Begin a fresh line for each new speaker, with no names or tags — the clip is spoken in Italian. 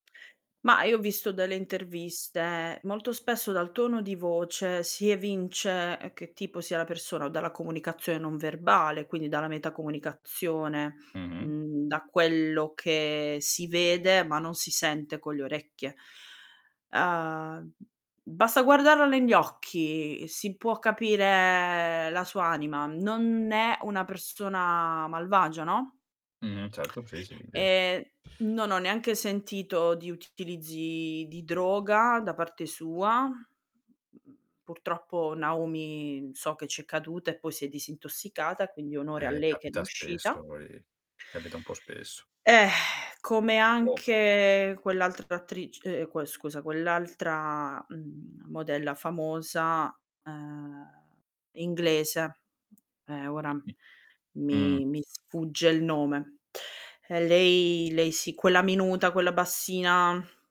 Mah, io ho visto delle interviste. Molto spesso dal tono di voce, si evince che tipo sia la persona, o dalla comunicazione non verbale, quindi dalla metacomunicazione.
Mh-mh.
Mhmm, da quello che si vede, ma non si sente con le orecchie. Uhm, basta guardarla negli occhi, si può capire la sua anima, non è una persona malvagia, no?
Mh. Certo, sì, sì, [unintelligible]
E non ho neanche sentito di utilizzi di droga da parte sua. Mhmm, purtroppo Naomi so che ci è caduta e poi si è disintossicata, quindi onore a
Eh,
lei che ne è
capita spesso,
uscita.
ehm, capita un po' spesso.
Eh, come
Purtropp
anche quell'altra attric ehm, que scusa, quell'altra, uhm, modella famosa, ehm, inglese. Eh, ora
Mh, mh. Mh.
mi mi sfugge il nome. E lei, lei sì, quella minuta, quella bassina